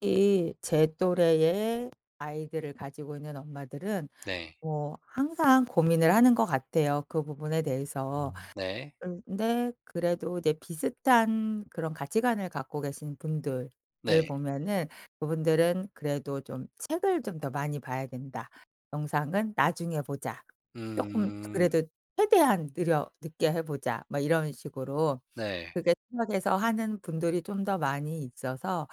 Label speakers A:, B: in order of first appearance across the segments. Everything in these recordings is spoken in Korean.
A: 이 제 또래의 아이들을 가지고 있는 엄마들은
B: 네.
A: 뭐 항상 고민을 하는 것 같아요 그 부분에 대해서.
B: 네.
A: 근데 그래도 이제 비슷한 그런 가치관을 갖고 계신 분들을
B: 네.
A: 보면은 그분들은 그래도 좀 '책을 좀 더 많이 봐야 된다. 영상은 나중에 보자.' 쪼끔
B: 음.
A: 그래도 '최대한 느려 늦게 해 보자.' 막 이런 식으로
B: 네.
A: 그렇게 생각해서 하는 분들이 좀 더 많이 있어서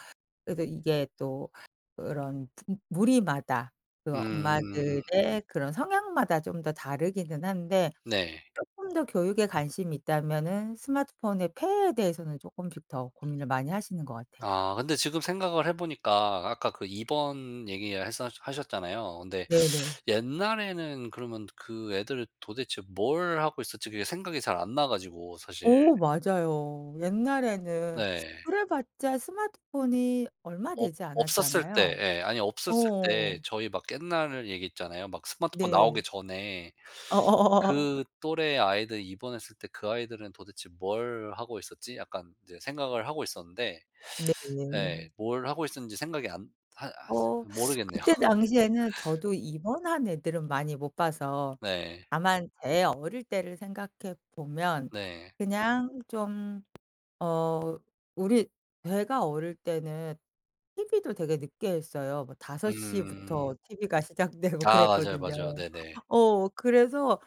A: 그래서 이게 또 그런 부 무리마다 그
B: 음.
A: 엄마들의 그런 성향마다 좀 더 다르기는 한데
B: 네.
A: 쪼끔 더 교육에 관심이 있다면은 스마트폰의 폐해에 대해서는 쪼끔씩 더 고민을 많이 하시는 것 같아요.
B: 아 근데 지금 생각을 해 보니까 아까 그 입원 얘기 했었 하셨잖아요. 근데
A: 네네.
B: '옛날에는 그러면 그 애들 도대체 뭘 하고 있었지?' 그게 생각이 잘 안 나가지고 사실.
A: 어 맞아요. 옛날에는
B: 네.
A: 그래 봤자 스마트폰이 얼마
B: 없
A: 되지
B: 없었을 때
A: 않았잖아요.
B: 예 아니 없었을 때
A: 어.
B: 저희 막 옛날 얘기 있잖아요. 막 스마트폰
A: 네.
B: 나오기 전에
A: 어어어어어.
B: '그 또래 아이들 입원했을 때 그 아이들은 도대체 뭘 하고 있었지?' 약간 이제 생각을 하고 있었는데 예
A: 네.
B: 뭘 하고 있었는지 생각이 안 하 아
A: 어
B: 모르겠네요.
A: 그때 당시에는 저도 입원한 애들은 많이 못 봐서
B: 네.
A: 다만 제 어릴 때를 생각해 보면
B: 네.
A: 그냥 좀 어 우리 제가 어릴 때는 티비도 되게 늦게 했어요. 뭐 5:00
B: 음.
A: 부터 티비가 시작되고
B: 아 맞아요, 맞아요.
A: 그랬거든요.
B: 네네.
A: 어 그래서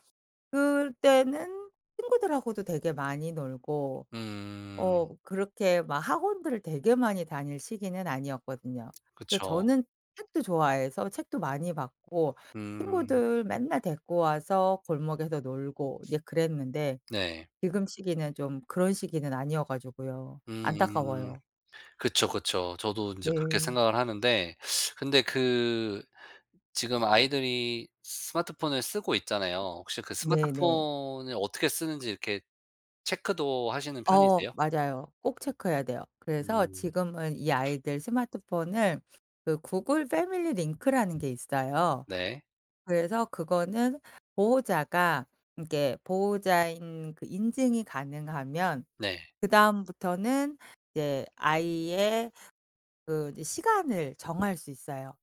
A: 그때는 친구들하고도 되게 많이 놀고
B: 음.
A: 어 그렇게 막 학원들을 되게 많이 다닐 시기는 아니었거든요. 근데
B: 그쵸.
A: 저는 책도 좋아해서 책도 많이 봤고
B: 음.
A: 친구들 맨날 데리고 와서 골목에서 놀고 이제 그랬는데
B: 네.
A: 지금 시기는 좀 그런 시기는 아니어 가지고요.
B: 음.
A: 안타까워요.
B: 그쵸, 그쵸. 저도 인제 그렇게
A: 네.
B: 생각을 하는데 근데 그 지금 아이들이 스마트폰을 쓰고 있잖아요. 혹시 그
A: 네네.
B: 스마트폰을 어떻게 쓰는지 이렇게 체크도 하시는
A: 어
B: 편이세요?
A: 맞아요. 꼭 체크해야 돼요. 그래서
B: 음.
A: 지금은 이 아이들 스마트폰을 그 구글 패밀리 링크라는 게 있어요.
B: 네.
A: 그래서 그거는 보호자가 그러니까 보호자인 그 인증이 가능하면
B: 네.
A: 그다음부터는 이제 아이의 그 이제 시간을 정할 수 있어요.